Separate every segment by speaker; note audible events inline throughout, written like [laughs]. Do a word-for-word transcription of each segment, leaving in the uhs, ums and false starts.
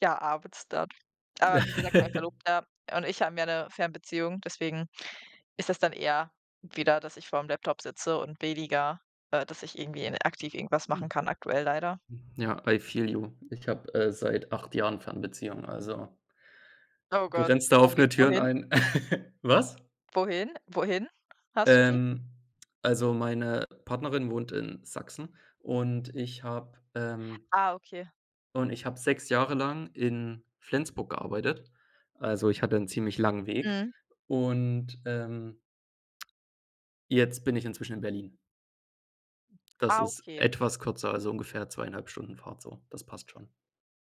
Speaker 1: Ja, abends dann. Aber wie gesagt, mein
Speaker 2: [chuckles]
Speaker 1: Verlobter und ich haben ja 'ne Fernbeziehung, deswegen ist das dann eher wieder, dass ich vor'm Laptop sitze und weniger, äh, dass ich irgendwie in aktiv irgendwas
Speaker 2: Ja.
Speaker 1: machen kann aktuell leider.
Speaker 2: Ja, I feel you. Ich habe, äh, seit acht Jahren Fernbeziehung, also
Speaker 1: Oh
Speaker 2: du
Speaker 1: Gott,
Speaker 2: rennst da
Speaker 1: wo ge
Speaker 2: offene Türen
Speaker 1: wohin?
Speaker 2: ein. [chuckles] Was?
Speaker 1: Wohin? Wohin hast du die?
Speaker 2: Ähm, also, meine Partnerin wohnt in Sachsen und ich habe, ähm
Speaker 1: Ah, okay.
Speaker 2: und ich habe sechs Jahre lang in Flensburg gearbeitet. Also, ich hatte 'n ziemlich langen Weg
Speaker 1: Mhm.
Speaker 2: und, ähm jetzt bin ich inzwischen in Berlin. Das
Speaker 1: Ah,
Speaker 2: ist
Speaker 1: okay.
Speaker 2: etwas kürzer, also ungefähr zwei einhalb Stunden Fahrt so. Das passt schon.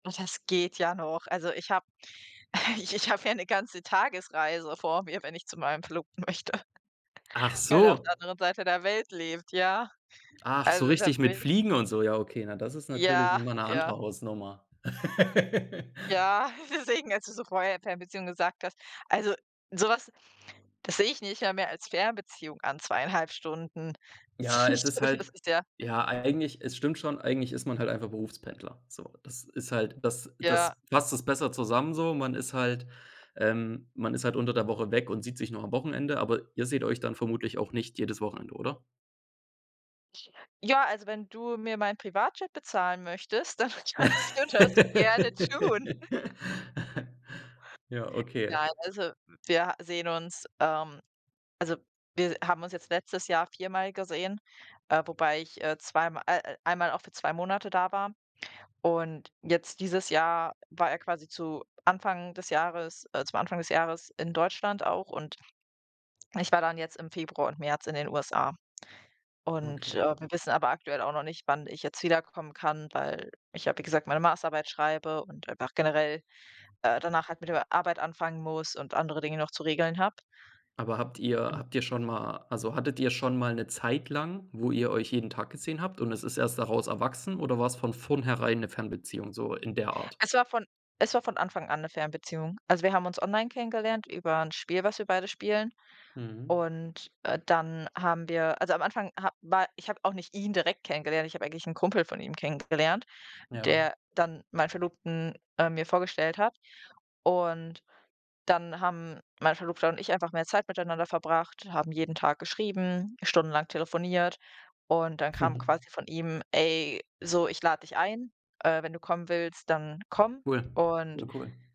Speaker 1: Ah, das geht ja noch. Also, ich habe [chuckles] ich ich habe ja 'ne ganze Tagesreise vor mir, wenn ich zu meinem Verlobten möchte.
Speaker 2: Ach
Speaker 1: [chuckles] Weil er auf
Speaker 2: so.
Speaker 1: der anderen Seite der Welt lebt, ja.
Speaker 2: Ach, so
Speaker 1: Also, da
Speaker 2: richtig mit
Speaker 1: [unintelligible]
Speaker 2: fliegen und so. Ja, okay. Na, das ist natürlich noch
Speaker 1: Ja,
Speaker 2: mal 'ne andere
Speaker 1: ja.
Speaker 2: Hausnummer. [laughs]
Speaker 1: Ja, deswegen, als du so vorher Fernbeziehung gesagt hast also, sowas, das sehe ich nicht mal mehr als Fernbeziehung an, zweieinhalb Stunden. Das
Speaker 2: Ja,
Speaker 1: finde
Speaker 2: es
Speaker 1: ich
Speaker 2: ist
Speaker 1: zum Beispiel, das
Speaker 2: halt
Speaker 1: ist ja
Speaker 2: ja, eigentlich, es stimmt schon. Eigentlich ist man halt einfach Berufspendler, so. Das ist halt das
Speaker 1: Ja.
Speaker 2: das fasst das besser zusammen so. Man ist halt, ähm man ist halt unter der Woche weg und sieht sich nur am Wochenende, aber ihr seht euch dann vermutlich auch nicht jedes Wochenende, oder?
Speaker 1: Ja, also, wenn du mir mein Privatjet bezahlen möchtest, dann kannst du das gerne tun.
Speaker 2: [laughs] Ja, okay.
Speaker 1: Nein, also, wir sehen uns, ähm also, wir haben uns jetzt letztes Jahr viermal gesehen, äh, wobei ich, äh, zweim äh, einmal auch für zwei Monate da war. Und jetzt dieses Jahr war er quasi zu Anfang des Jahres, äh zum Anfang des Jahres in Deutschland auch und ich war dann jetzt im Februar und März in den USA. Und,
Speaker 2: Okay.
Speaker 1: äh, wir wissen aber aktuell auch noch nicht, wann ich jetzt wiederkommen kann, weil ich, ja, wie gesagt, meine Masterarbeit schreibe und einfach generell, äh, danach halt mit der Arbeit anfangen muss und andere Dinge noch zu regeln habe.
Speaker 2: Aber habt ihr
Speaker 1: Un
Speaker 2: habt ihr schon mal also, hattet ihr schon mal 'ne Zeit lang, wo ihr euch jeden Tag gesehen habt und es ist erst daraus erwachsen oder war es von vorn herein 'ne Fernbeziehung so in der Art?
Speaker 1: Es war von es war von Anfang an 'ne Fernbeziehung. Also, wir haben uns online kennengelernt über 'n Spiel, was wir beide spielen.
Speaker 2: Mhm.
Speaker 1: Und, äh, dann haben wir also, am Anfang ha war ich habe auch nicht ihn direkt kennengelernt, ich habe eigentlich 'n Kumpel von ihm kennengelernt,
Speaker 2: Ja.
Speaker 1: der dann meinen Verlobten, äh, mir vorgestellt hat. Und dann haben mein Verlobter und ich einfach mehr Zeit miteinander verbracht, haben jeden Tag geschrieben, stundenlang telefoniert und dann kam
Speaker 2: [chuckles]
Speaker 1: quasi von ihm: „Ey, so, ich lade dich ein, äh, wenn du kommen willst, dann komm.”
Speaker 2: Cool,
Speaker 1: Und
Speaker 2: ne, cool.